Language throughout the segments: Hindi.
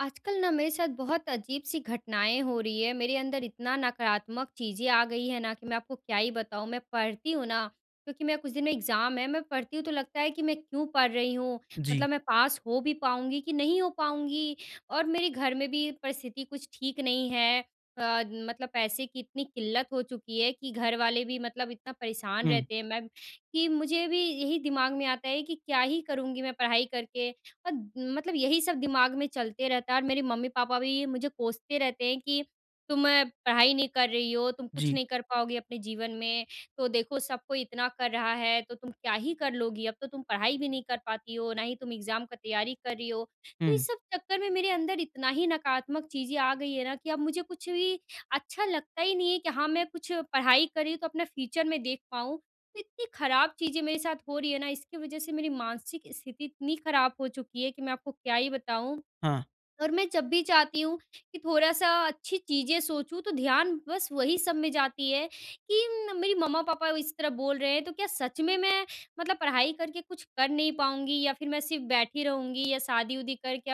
आजकल ना मेरे साथ बहुत अजीब-सी घटनाएँ हो रही हैं, मेरे अंदर इतना नकारात्मक चीज़ें आ गई है ना, कि मैं आपको क्या ही बताऊँ? मैं पढ़ती हूँ ना, क्योंकि मेरा कुछ दिन में एग्ज़ाम है, मैं पढ़ती हूँ तो लगता है कि मैं क्यों पढ़ रही हूँ? जी। मतलब मैं पास हो भी पाऊँगी कि नहीं हो पाऊँगी? और मेरे घर में भी परिस्थिति कुछ ठीक नहीं है अ, मतलब पैसे की इतनी किल्लत हो चुकी है कि घर वाले भी मतलब इतना परेशान हुँ। रहते हैं। मैं कि मुझे भी यही दिमाग में आता है कि क्या ही करूँगी मैं पढ़ाई करके? अद मतलब यही सब दिमाग में चलते रहता है और मेरी मम्मी-पापा भी मुझे कोसते रहते हैं, "कि तुम पढ़ाई नहीं कर रही हो, तुम कुछ जी। नहीं कर पाओगी अपने जीवन में, तो देखो सबको इतना कर रहा है, तो तुम क्या ही कर लोगी? अब तो तुम पढ़ाई भी नहीं कर पाती हो, ना ही तुम एग्ज़ाम का तैयारी कर रही हो।" तो ये हुँ। सब चक्कर में मेरे अंदर इतना ही नकारात्मक चीज़ें आ गई है ना, कि अब मुझे कुछ भी अच्छा लगता ही नहीं है, कि हाँ, मैं कुछ पढ़ाई कर रही हूँ तो अपना फ्यूचर में देख पाऊँ। तो इतनी ख़राब चीज़ें मेरे साथ हो रही है ना इसकी वज़ह से मेरी मानसिक स्थिति इतनी ख़राब हो चुकी है, कि मैं आपको क्या ही बताऊँ। हाँ। और मैं जब भी चाहती हूँ, कि थोड़ा-सा अच्छी चीज़ें सोचूँ तो ध्यान बस वही सब में जाती है, कि मेरी मम्मा-पापा इस तरह बोल रहे हैं, तो क्या सच में मैं मतलब पढ़ाई करके कुछ कर नहीं पाऊँगी या फिर मैं सिर्फ़ बैठी रहूँगी या शादी-वादी करके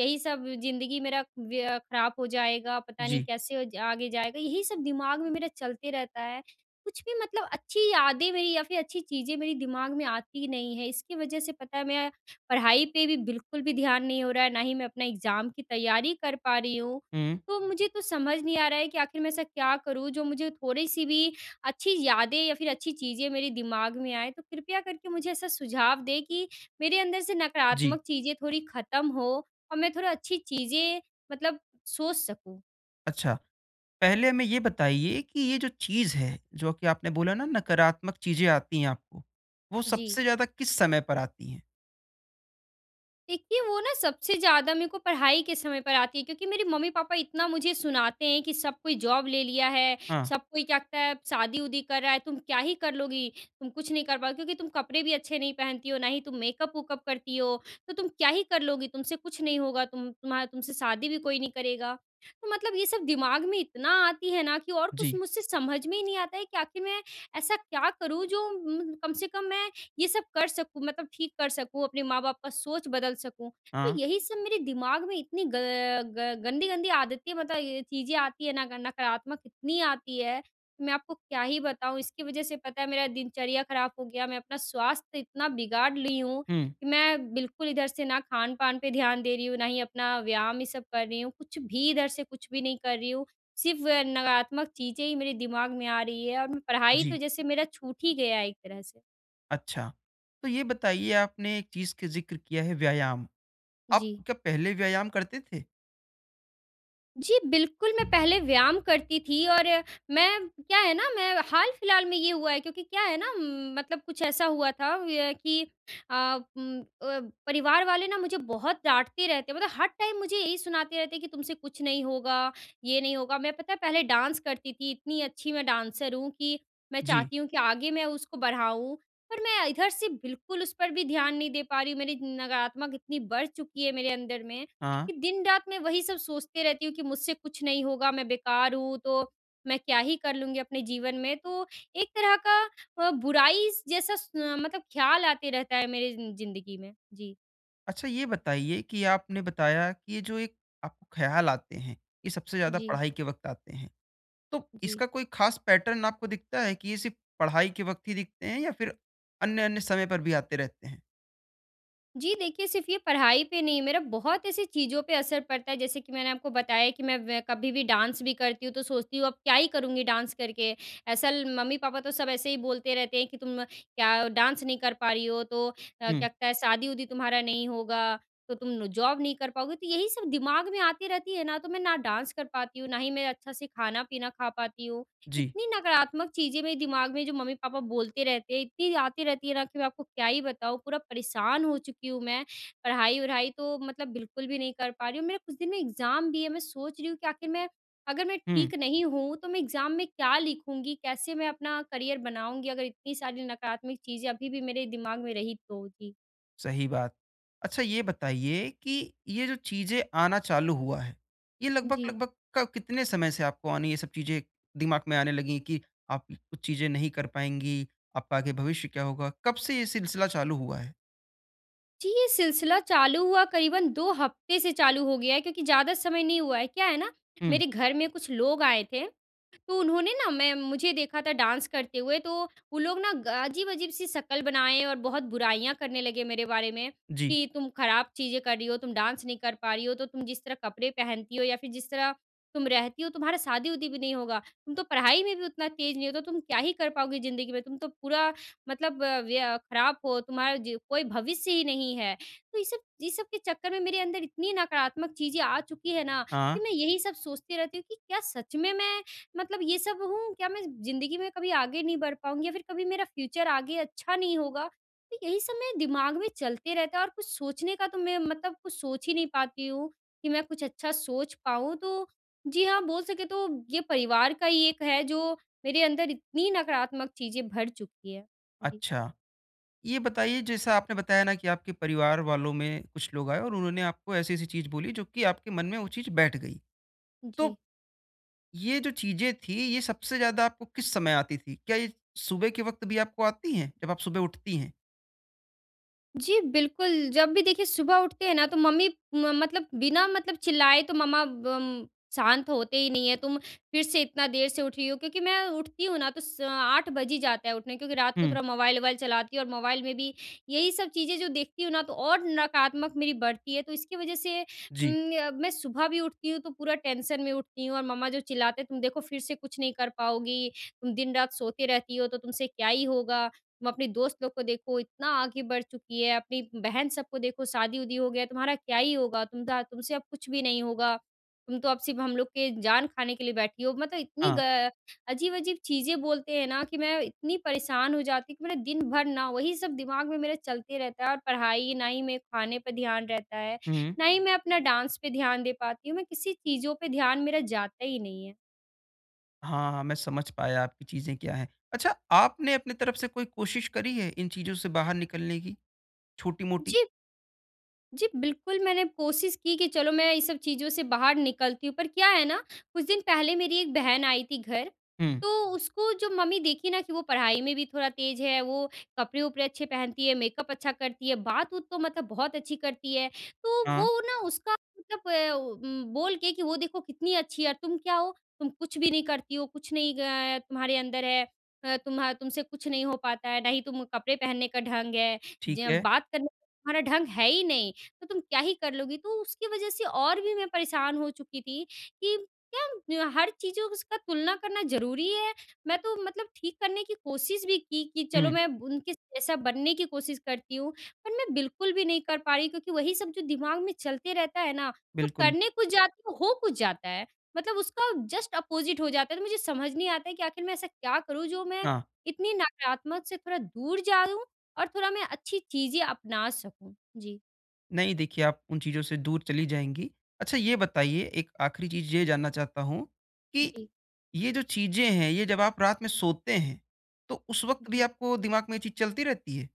यही सब ज़िंदगी मेरा व्य अ, ख़राब हो जाएगा। पता नहीं जी। कैसे ज आगे जाएगा यही सब दिमाग में मेरा चलते रहता है। कुछ भी मतलब अच्छी यादें मेरी या फिर अच्छी चीज़ें मेरे दिमाग में आती ही नहीं है, इसकी वजह से पता है मैं पढ़ाई पे भी बिल्कुल भी ध्यान नहीं हो रहा है, ना ही मैं अपना एग्ज़ाम की तैयारी कर पा रही हूँ। हुँ। तो मुझे तो समझ नहीं आ रहा है कि आखिर मैं ऐसा क्या करूँ जो मुझे थोड़ी-सी भी अच्छी यादें या फिर अच्छी चीज़ें मेरे दिमाग में आएँ, तो कृपया करके मुझे ऐसा सुझाव दें कि मेरे अंदर से जी। नकारात्मक चीज़ें थोड़ी ख़त्म हो और मैं थोड़ा अच्छी चीज़ें मतलब सोच सकूँ? अच्छा, पहले हमें ये बताइए कि ये जो चीज़ है जो कि आपने बोला ना नकारात्मक चीज़ें आती हैं आपको, वो जी। सबसे ज़्यादा किस समय पर आती हैं? देखिए, वो ना सबसे ज़्यादा मेरे को पढ़ाई के समय पर आती है। क्योंकि मेरे मम्मी-पापा इतना मुझे सुनाते हैं कि सब कोई जॉब ले लिया है, हाँ। सब कोई कहता है शादी-उदी कर रहा है तुम क्या ही कर लोगी? तुम कुछ नहीं कर पाओगी क्योंकि तुम कपड़े भी अच्छे नहीं पहनती हो ना ही तुम मेकअप-मूकअप करती हो, तो तुम क्या ही कर लोगी? तुमसे कुछ नहीं होगा तुम तुम्हा तुमसे शादी भी कोई नहीं करेगा। तो मतलब ये सब दिमाग में इतना आती है ना कि और कुछ जी। मुझसे समझ में ही नहीं आता है कि आख़िर मैं ऐसा क्या करूँ जो म्म कम से कम मैं ये सब कर सकूँ मतलब ठीक कर सकूँ अपने माँ बाप का सोच बदल सकूँ। हाँ। तो यही सब मेरे दिमाग में इतनी ग ग गंदी-गंदी आदतें मतलब ये चीज़ें आती है ना ग नकारात्मक इतनी आती है कि मैं आपको क्या ही बताऊँ। इसकी वजह से पता है मेरा दिनचर्या ख़राब हो गया मैं अपना स्वास्थ्य इतना बिगाड़ ली हूँ हुँ। कि मैं बिल्कुल इधर से ना खान-पान पे ध्यान दे रही हूँ ना ही अपना व्यायाम ये सब कर रही हूँ, कुछ भी इधर से कुछ भी नहीं कर रही हूँ सिर्फ़ नकारात्मक चीज़ें ही मेरे दिमाग में आ रही है और मैं पढ़ाई तो जी। जैसे मेरा छूट ही गया है एक तरह से। अच्छा। तो ये बताइए, आपने एक चीज़ का ज़िक्र किया है, व्यायाम। आप जी। क्या पहले व्यायाम करते थे? जी, बिल्कुल, मैं पहले व्यायाम करती थी और मैं क्या है ना, मैं हाल-फ़िलहाल में ये हुआ है। क्योंकि क्या है ना, मतलब कुछ ऐसा हुआ था अ, कि अ, उम, अ, परिवार वाले ना मुझे बहुत डाँटते रहते हैं, मतलब हर टाइम मुझे यही सुनाते रहते हैं कि, "तुमसे कुछ नहीं होगा, ये नहीं होगा।" मैं, पता है पहले डांस करती थी। इतनी अच्छी मैं डांसर हूँ कि मैं जी। चाहती हूँ कि आगे मैं उसको बढ़ाऊँ, पर मैं इधर से बिल्कुल उस पर भी ध्यान नहीं दे पा रही हूँ। मेरी नकारात्मक इतनी बढ़ चुकी है मेरे अंदर में, हाँ। कि दिन-रात मैं वही सब सोचती रहती हूँ कि, "मुझसे कुछ नहीं होगा। मैं बेकार हूँ, तो मैं क्या ही कर लूँगी अपने जीवन में?" तो एक तरह का अ, बुराई स जैसा स अ, मतलब ख़्याल आते रहता है मेरे ज़िं ज़िंदगी में। जी। अच्छा, ये बताइए कि आपने बताया कि ये जो एक आपको ख़्याल आते हैं, ये सबसे ज़्यादा जी। पढ़ाई के वक़्त आते हैं। तो जी। इसका कोई खास पैटर्न आपको दिखता है कि ये सिर्फ़ पढ़ाई के वक़्त ही दिखते हैं या फिर अन्य-अन्य समय पर भी आते रहते हैं? जी, देखिए सिर्फ ये पढ़ाई पे नहीं, मेरा बहुत ऐसी चीज़ों पे असर पड़ता है, जैसे कि मैंने आपको बताया कि मैं वै कभी भी डांस भी करती हूँ, तो सोचती हूँ अब क्या ही करूँगी डांस करके, असल मम्मी-पापा तो सब ऐसे ही बोलते रहते हैं कि, "तुम क्या डांस नहीं कर पा रही हो, तो अ, हुँ। क्या क शादी-उदी तुम्हारा नहीं होगा, तो तुम नु जॉब नहीं कर पाओगी।" तो यही सब दिमाग में आती रहती है ना, तो मैं ना डांस कर पाती हूँ, ना ही मैं अच्छा से खाना-पीना खा पाती हूँ। जी। इतनी नकारात्मक चीज़ें मेरे दिमाग में जो मम्मी-पापा बोलते रहते हैं, इतनी आती रहती है ना कि मैं आपको क्या ही बताऊँ, पूरा परेशान हो चुकी हूँ मैं। पढ़ाई-वढ़ाई तो मतलब बिल्कुल भी नहीं कर पा रही हूँ। मेरा कुछ दिन में एग्ज़ाम भी है, मैं सोच रही हूँ कि आखिर मैं अगर मैं हुँ। ठीक नहीं हूँ तो मैं एग्ज़ाम में क्या लिखूँगी, कैसे मैं अपना करियर बनाऊँगी? अगर इतनी सारी नकारात्मक चीज़ें अभी भी मेरे दिमाग में रही तो। जी। सही बात। अच्छा, ये बताइए कि ये जो चीज़ें आना चालू हुआ है, ये जी। लगभग-लगभग क कितने समय से आपको आनी ये सब चीज़ें, दिमाग में आने लगी है कि आप कुछ चीज़ें नहीं कर पाएँगी, आपका आगे भविष्य क्या होगा? कब से ये सिलसिला चालू हुआ है? जी, ये सिलसिला चालू हुआ करीबन 2 हफ्ते से चालू हो गया है, क्योंकि ज़्यादा समय नहीं हुआ है, क्या है ना? हुँ। मेरे घर में कुछ लोग आए थे, तो उन्होंने ना मैं मुझे देखा था डांस करते हुए तो वो लोग ना ग अजीब-अजीब सी शक्ल बनाए और बहुत बुराइयाँ करने लगे मेरे बारे में जी। कि, "तुम खराब चीज़ें कर रही हो, तुम डांस नहीं कर पा रही हो। तो तुम जिस तरह कपड़े पहनती हो या फिर जिस तरह तुम रहती हो तुम्हारा शादी-उदी भी नहीं होगा, तुम तो पढ़ाई में भी उतना तेज़ नहीं हो तो तुम क्या ही कर पाओगी ज़िन्दगी में, तुम तो पूरा मतलब वया खराब हो तुम्हारा जो कोई भविष्य ही नहीं है।" तो ये सब ये सब के चक्कर में मेरे अंदर इतनी नकारात्मक चीज़ें आ चुकी है ना हाँ। कि मैं यही सब सोचती रहती हूँ कि क्या सच में मैं मतलब ये सब हूँ? क्या मैं ज़िन्दगी में कभी आगे नहीं बढ़ पाऊँगी या फिर कभी मेरा फ्यूचर आगे अच्छा नहीं होगा? तो यही सब मेरे दिमाग में चलते रहता है और कुछ सोचने का तो मैं मतलब कुछ सोच ही नहीं पाती हूँ, कि मैं कुछ अच्छा सोच पाऊँ। तो जी हाँ, बोल सके तो ये परिवार का ही एक है जो मेरे अंदर इतनी नकारात्मक चीज़ें भर चुकी है। जी। अच्छा। ये बताइए जैसा आपने बताया ना कि आपके परिवार वालों में कुछ लोग आए और उन्होंने आपको ऐसी-ऐसी चीज़ बोली जो कि आपके मन में वो चीज़ बैठ गई। जी। तो, ये जो चीज़ें थी ये सबसे ज़्यादा आपको किस समय आती थी? क्या ये सुबह के वक्त भी आपको आती हैं, जब आप सुबह उठती हैं? जी, बिल्कुल जब भी देखिए सुबह उठते हैं ना तो मम्मी म मतलब बिना मतलब चिल्लाए तो मम्मा बम शांत होते ही नहीं है, "तुम फिर से इतना देर से उठी हो।" क्योंकि मैं उठती हूँ ना तो स 8 बज ही जाता है उठने क्योंकि रात को हुँ। थोड़ा मोबाइल-वोबाइल चलाती हूँ और मोबाइल में भी यही सब चीज़ें जो देखती हूँ ना, तो और नकारात्मक मेरी बढ़ती है। तो इसकी वज़ह से जी। उम, य मैं सुबह भी उठती हूँ तो पूरा टेंशन में उठती हूँ और मम्मा जो चिल्लाते हैं, "तुम देखो फिर से कुछ नहीं कर पाओगी, तुम दिन-रात सोती रहती हो, तो तुमसे क्या ही होगा। तुम अपने दोस्त लोग को देखो, इतना आगे बढ़ चुकी है, अपनी बहन सब को देखो शादी-वादी हो गया, तुम्हारा क्या ही होगा? तुम दा तुमसे अब कुछ भी नहीं होगा। तुम तो अब सिर्फ़ हम लोग के जान खाने के लिए बैठी हो।" मतलब इतनी ग हाँ। अ, अजीब-अजीब चीज़ें बोलते हैं ना कि मैं इतनी परेशान हो जाती हूँ, कि मेरा दिन भर ना वही सब दिमाग में मेरा चलते रहता है। और पढ़ाई ना ही मेरे खाने पे ध्यान रहता है, हुँ, हुँ। ना ही मैं अपना डांस पे ध्यान दे पाती हूँ, मैं किसी चीज़ों पे ध्यान मेरा जाता ही नहीं है। हाँ, हाँ। मैं समझ पाया आपकी चीज़ें क्या हैं। अच्छा, आपने अपनी तरफ से कोई कोशिश करी है, इन चीज़ों से बाहर निकलने की, छोटी-मोटी? जी। जी, बिल्कुल मैंने कोशिश की, कि चलो मैं ये सब चीज़ों से बाहर निकलती हूँ, पर क्या है ना, कुछ दिन पहले मेरी 1 बहन आई थी घर, हुँ। तो उसको जो मम्मी देखी ना कि वो पढ़ाई में भी थोड़ा तेज़ है, वो कपड़े-वपड़े अच्छे पहनती है, मेकअप अच्छा करती है, बात-वूत तो मतलब बहुत अच्छी करती है। तो हाँ। वो ना उसका मतलब अ, ओ, उम, बोल के कि, "वो देखो कितनी अच्छी है और तुम क्या हो? तुम कुछ भी नहीं करती हो, कुछ नहीं अ, तुम्हारे अंदर है। अ, तुम्हा तुमसे कुछ नहीं हो पाता है, ना ही तुम कपड़े पहनने का ढंग है, ठीक ज है। बात करने का तुम्हारा ढंग है ही नहीं, तो तुम क्या ही कर लोगी।" तो उसकी वजह से और भी मैं परेशान हो चुकी की थी, कि क्या हर चीज़ों उसका तुलना करना ज़रूरी है? मैं तो मतलब ठीक करने की कोशिश भी की, कि चलो हुँ। मैं उनके जैसा बनने की कोशिश करती हूँ पर मैं बिल्कुल भी नहीं कर पा रही क्योंकि वही सब जो दिमाग में चलते रहता है ना, तो बिल्कुल। करने कुछ जाती हूँ, हो कुछ जाता है। मतलब उसका जस्ट अपोजिट हो जाता है, तो मुझे समझ नहीं आता है कि आख़िर मैं ऐसा क्या करूँ जो मैं हाँ। इतनी नकारात्मक से थोड़ा दूर जाऊँ और थोड़ा मैं अच्छी चीज़ें अपना सकूँ? जी। नहीं, देखिये आप उन चीज़ों से दूर चली जाएँगी। अच्छा ये बताइये, एक आख़िरी चीज़ ये जानना चाहता हूँ कि जी। ये जो चीज़ें हैं ये जब आप रात में सोते हैं तो उस वक़्त भी जी। आपको दिमाग़ में ये चीज़ चलती रहती है?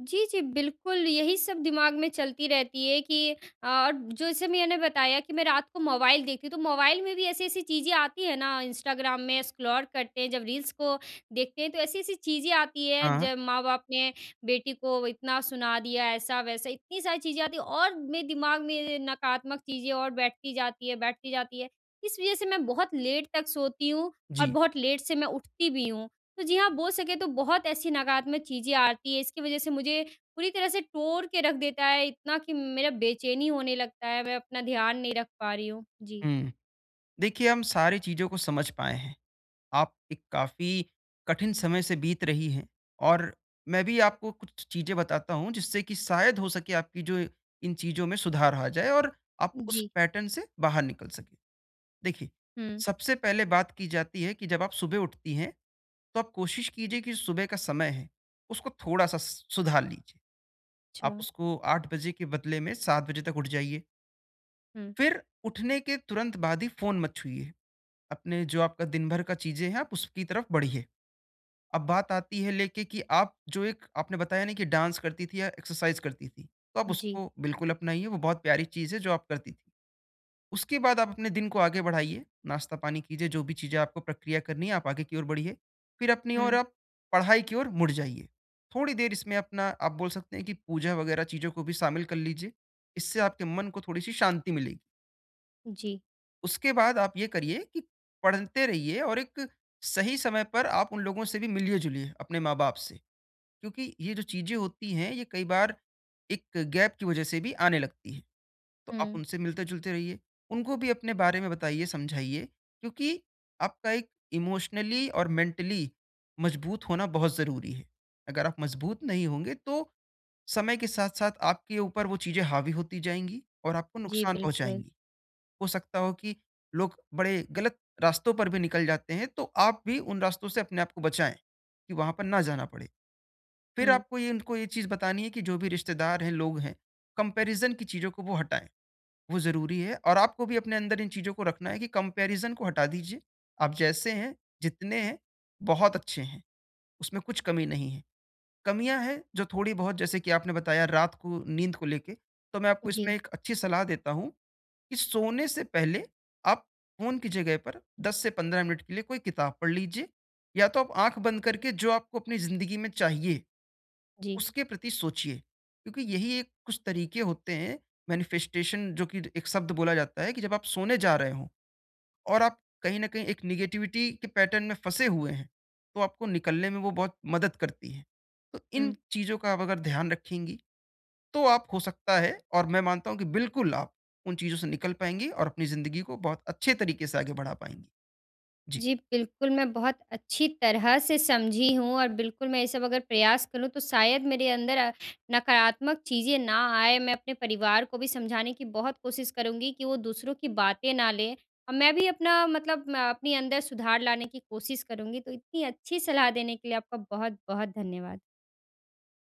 जी, जी। बिल्कुल, यही सब दिमाग़ में चलती रहती है कि अ और जैसे मैंने बताया कि मैं रात को मोबाइल देखती हूँ। तो मोबाइल में भी ऐसी-ऐसी चीज़ें आती हैं ना इंस्टाग्राम में स्क्रॉल करते हैं, जब रील्स को देखते हैं तो ऐसी-ऐसी चीज़ें आती हैं, हाँ। जब माँ-बाप ने बेटी को इतना सुना दिया ऐसा-वैसा, इतनी सारी चीज़ें आती हैं और मेरे दिमाग़ में नकारात्मक चीज़ें और बैठती जाती है बैठती जाती है। इस वज़ह से मैं बहुत लेट तक सोती हूँ और जी। बहुत लेट से मैं उठती भी हूँ। तो जी हाँ, बोल सके तो बहुत ऐसी नकारात्मक चीज़ें आती है, इसकी वज़ह से मुझे पूरी तरह से तोड़ के रख देता है, इतना कि मेरा बेचैनी होने लगता है, मैं अपना ध्यान नहीं रख पा रही हूँ। जी। हुँ। देखिये हम सारी चीज़ों को समझ पाए हैं। आप एक काफ़ी कठिन समय से बीत रही हैं और मैं भी आपको कुछ चीज़ें बताता हूँ जिससे कि शायद हो सके आपकी जो इन चीज़ों में सुधार आ जाए और आप उस जी। पैटर्न से बाहर निकल सकें। देखिये, हुँ। सबसे पहले बात की जाती है कि जब आप सुबह उठती हैं, तो आप कोशिश कीजिये कि सुबह का समय है उसको थोड़ा-सा स सुधार लीजिये। आप अच्छा। उसको 8 बजे के बदले में 7 बजे तक उठ जाइये। हुँ। फिर उठने के तुरंत बाद ही फ़ोन मत छुइए। अपने जो आपका दिनभर का चीज़ें हैं आप उसकी तरफ बढ़िए। अब बात आती है लेके कि आप जो एक आपने बताया ना कि डांस करती थी या एक्सरसाइज़ करती थी, तो आप जी। उसको बिल्कुल अपनाइए, वो बहुत प्यारी चीज़ है जो आप करती थी। उसके बाद आप अपने दिन को आगे बढ़ाइए, नाश्ता पानी कीजिए, जो भी चीज़ें आपको प्रक्रिया करनी है आप आगे की ओर बढ़िए, फिर अपनी ओर हुँ। आप पढ़ाई की ओर मुड़ जाइए। थोड़ी देर इसमें अपना आप बोल सकते हैं कि पूजा वग़ैरह चीज़ों को भी शामिल कर लीजिए, इससे आपके मन को थोड़ी-सी शांति मिलेगी। जी। उसके बाद आप ये करिए कि पढ़ते रहिए और एक सही समय पर आप उन लोगों से भी मिलिए-जुलिए, अपने माँ-बाप से। क्योंकि ये जो चीज़ें होती हैं ये कई बार एक गैप की वजह से भी आने लगती है। तो आप हुँ। उनसे मिलते-जुलते रहिए, उनको भी अपने बारे में बताइए, समझाइए क्योंकि आपका एक इमोशनली और मेंटली मज़बूत होना बहुत ज़रूरी है। अगर आप मजबूत नहीं होंगे तो समय के साथ-साथ आपके ऊपर वो चीज़ें हावी होती जाएँगी और आपको जी, नुकसान बिल्कुल। पहुँचाएँगी। हो सकता हो कि लोग बड़े गलत रास्तों पर भी निकल जाते हैं, तो आप भी उन रास्तों से अपने आपको बचाएँ, कि वहाँ पर ना जाना पड़े। फिर हुँ। आपको ये उनको ये चीज़ बतानी है कि जो भी रिश्तेदार हैं, लोग हैं, कंपैरिज़न की चीज़ों को वो हटाएँ, वो ज़रूरी है और आपको भी अपने अंदर इन चीज़ों को रखना है कि कंपैरिज़न को हटा दीजिए, आप जैसे हैं, जितने हैं, बहुत अच्छे हैं, उसमें कुछ कमी नहीं है। कमियाँ है, जो थोड़ी बहुत जैसे कि आपने बताया रात को नींद को लेके तो मैं आपको इसमें जी। एक अच्छी सलाह देता हूँ, कि सोने से पहले आप फ़ोन की जगह पर 10 से 15 मिनट के लिए कोई किताब पढ़ लीजिए या तो आप आँख बंद करके जो आपको अपनी ज़िंदगी में चाहिए, जी। उसके प्रति सोचिए, क्योंकि यही एक कुछ तरीके होते हैं, मैनिफेस्टेशन जो कि र एक शब्द बोला जाता है कि जब आप सोने जा रहे हों और आप कहीं न कहीं एक नेगेटिविटी के पैटर्न में फँसे हुए हैं, तो आपको निकलने में वो बहुत मदद करती है। तो इन हुँ। चीज़ों का अब अगर ध्यान रखेंगी, तो आप हो सकता है और मैं मानता हूँ कि बिल्कुल आप उन चीज़ों से निकल पाएँगी और अपनी ज़िंदगी को बहुत अच्छे तरीके से आगे बढ़ा पाएँगी। जी। जी, बिल्कुल मैं बहुत अच्छी तरह से समझी हूँ और बिल्कुल मैं ये सब अगर प्रयास करूँ तो शायद मेरे अंदर अ, नकारात्मक चीज़ें ना आए, मैं अपने परिवार को भी समझाने की बहुत कोशिश करूँगी कि वो दूसरों की बातें ना लें, और मैं भी अपना मतलब म अपने अंदर सुधार लाने की कोशिश करूँगी। तो इतनी अच्छी सलाह देने के लिए आपका बहुत-बहुत धन्यवाद।